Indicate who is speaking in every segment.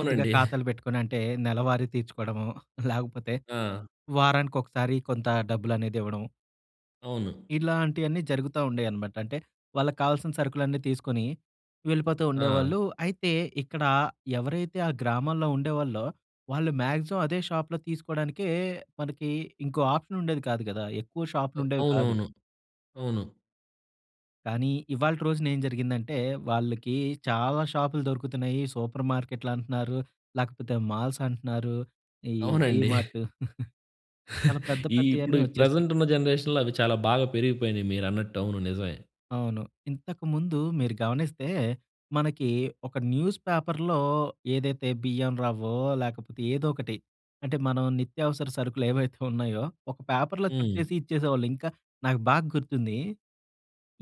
Speaker 1: కొద్దిగా ఖాతాలు పెట్టుకొనంటే, నెలవారీ తీర్చుకోడము లేకపోతే
Speaker 2: ఆ!
Speaker 1: వారానికి ఒకసారి కొంత డబ్బులనేదివ్వడం.
Speaker 2: అవును.
Speaker 1: ఇలాంటియన్నీ జరుగుతా ఉండేయనమాట అంటే, వాళ్ళకి కావాల్సిన సరుకులన్నీ తీసుకొని వెళ్ళిపోతూ
Speaker 2: ఆ!
Speaker 1: ఉండేవాళ్ళు. అయితే ఇక్కడ ఎవరైతే ఆ గ్రామంలో ఉండేవాళ్ళో వాళ్ళు మాక్సిమం అదే షాప్‌లో తీసుకోడానికే మనకి ఇంకో ఆప్‌షనుండేది కాదు కదా! ఎక్కువ
Speaker 2: ఓహ్!
Speaker 1: షాప్‌లుండేవి కాదు.
Speaker 2: అవునవును. అవును.
Speaker 1: కానీ ఇవాల్టి రోజునేం జరిగిందంటే, వాళ్ళికి చాలా షాపులు దొరుకుతున్నియి. సూపర్ మార్కెట్లంటన్నారు. లేకపోతే మాల్స్ అంటన్నారు. ఈ
Speaker 2: అవునండి.
Speaker 1: డీమార్ట్ చాలా పెద్ద
Speaker 2: ఈ ఇప్పుడు
Speaker 1: పెద్దయన్నీ వచ్చేసినయి.
Speaker 2: ప్రెజెంటున్న జనరేషన్‌లో అవి చాలా బాగా పెరిగిపోయినియి మీరన్నట్టు అవును. నిజమే.
Speaker 1: అవును. ఇంతకుముందు మీరు గమనిస్తే మనకి ఒక న్యూస్ పేపర్‌లో ఏదైతే బియ్యం రవ్వో లేకపోతే ఏదోకటి అంటే, మనం నిత్యావసర సరుకులేవైతే ఉన్నాయో, ఒక పేపర్‌లో చుట్టేసి
Speaker 2: హ్మ్.
Speaker 1: ఇచ్చేసేవాళ్ళు. ఇంకా నాకు బాగ్గుర్తుంది.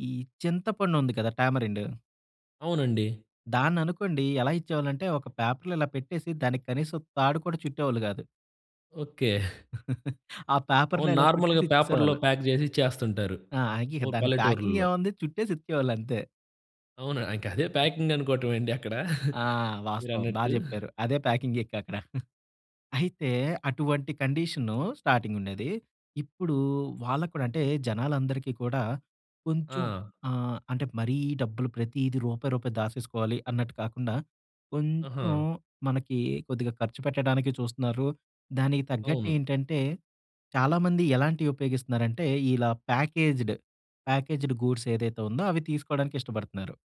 Speaker 1: ఈ చింతపండుంది కదా! టామరిండ్.
Speaker 2: అవునండి.
Speaker 1: దాన్ననుకోండి ఎలా ఇచ్చేవాళ్ళంటే ఒక పేపర్‌లో ఇలా పెట్టేసి, దానికి కనీసం తాడు కూడా చుట్టేవాళ్ళు గాదు.
Speaker 2: ఓకే.
Speaker 1: ఆ పేపర్‌లో
Speaker 2: అవును.
Speaker 1: ఇలా
Speaker 2: నార్మల్‌గా పేపర్‌లో
Speaker 1: చుట్టేసిచ్చేసేవాళ్ళు.
Speaker 2: ప్యాక్ చేసి ఇచ్చేస్తుంటారు.
Speaker 1: ఆ! ఇక
Speaker 2: ఓ
Speaker 1: దాన్ని
Speaker 2: పల్లెటూర్లలో.
Speaker 1: ప్యాకింగేముంది చుట్టేసిచ్చేవాళ్ళంతే.
Speaker 2: అవునా? ఇంక అదే ప్యాకింగ్ అనుకోవటమే అండి అక్కడ
Speaker 1: ఆ! వాస్తవం బా
Speaker 2: మీరన్నట్టు.
Speaker 1: చెప్పారు. అదే ప్యాకింగ్ ఇంకక్కడ. అయితే అటువంటి కండిషను స్టార్టింగుండేది. ఇప్పుడు వాళ్ళకి కూడా అంటే జనాలందరికీ కూడా కొంచెం
Speaker 2: ఆ!
Speaker 1: ఆహ్, అంటే మరీ డబ్బులు ప్రతీది రూపాయి రూపాయి దాచేసుకోవాలి అన్నట్టు కాకుండా, కొంచుం
Speaker 2: ఆహా!
Speaker 1: మనకి కొద్దిగా ఖర్చు పెట్టడానికి చూస్తున్నారు. దానికి
Speaker 2: అవును.
Speaker 1: తగ్గట్టేంటంటే, చాలామంది ఎలాంటియుపయోగిస్తున్నారంటే ఇలా ప్యాకేజ్డ్, ప్యాకేజ్డ్ గూడ్స్ ఏదైతే ఉందో అవి తీసుకోవడానికిష్టపడుతున్నారు.